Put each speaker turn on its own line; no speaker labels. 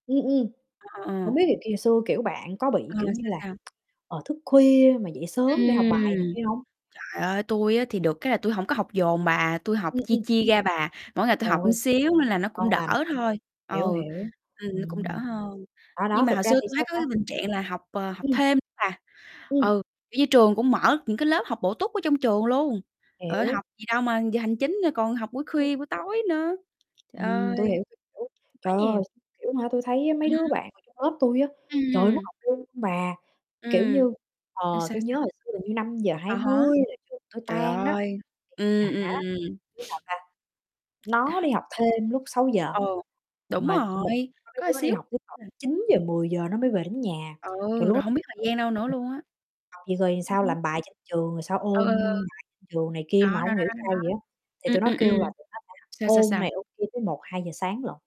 Ừm, ừm.
Ờ, ờ, ờ.
Hổng biết thì khi hồi xưa, kiểu, bạn có bị,
Ờ,
kiểu như
sao,
là,
sao?
ờ, thức khuya mà dậy sớm để học bài này
Ừm,
kia hông?
trời ơi, tui á thì được cái là tui hổng có học dồn bà, tui học
Ừm,
chia
ừm.
chia ra bà, mỗi ngày tui
Trời
học một
ơi.
xíu nên là nó cũng
Ngon
đỡ
lành,
thôi, ừ,
hiểu, hiểu,
ừm, nó cũng đỡ
ừm.
hơn.
À, đó,
Nhưng mà
thực
hồi
ra
xưa
thì
tui
sao
thấy có
ta?
cái bình trạng là học, ờ, học
Ừm.
thêm bà,
Ừm.
ừ, kiểu như, trường cũng mở những cái lớp học bổ túc ở trong trường luôn, trời ơi, học
Hiểu.
gì đâu mà giờ hành chính, ơ, còn học buổi
Ừm.
khuya, buổi tối nữa, trời
Ừm,
ơi.
tui hiểu, tui hiểu,
Quá
trời
nhiều.
ơi, [unintelligible] kiểu, hả tui thấy á mấy
Ừm
đứa
hưm.
bạn ngồi trong lớp tui á, trời ơi nó
Ừm.
học luôn bà, kiểu
Ừm.
như,
Ơ,
ờ,
sao,
tui
sao?
nhớ hồi xưa hình như năm giờ hai
À há,
mươi là trường tui
trời
tan đó,
ơi,
thì
ừm, ừm,
hả,
ừm, ừm.
đứa nào ta, nó đi học thêm lúc 6:00
Ừ, đúng rồi,
[unintelligible] có mấy
có
đứa nó đi
xíu
học tới [unintelligible]
[unintelligible]
9:00-10:00 nó mới về đến nhà. Trời,
Ừ,
lúc
rồi
đó
hông biết thời
tôi
gian đâu
tưởng
nữa luôn
[unintelligible]
á.
vậy
Ừm
sao
hứm.
làm bài trên trường, rồi sao
Ừ,
ôn
ừ, ừ.
bài trên trường này
Đó,
kia mà
đó, đó,
hông hiểu
đó, đó,
sao vậy
đó,
á, thì
ừm,
tụi nó
ừm,
kêu
ừm,
là tụi nó sẽ
sao, sao,
ôn này,
sao?
ôn kia tới 1:00-2:00 sáng lận.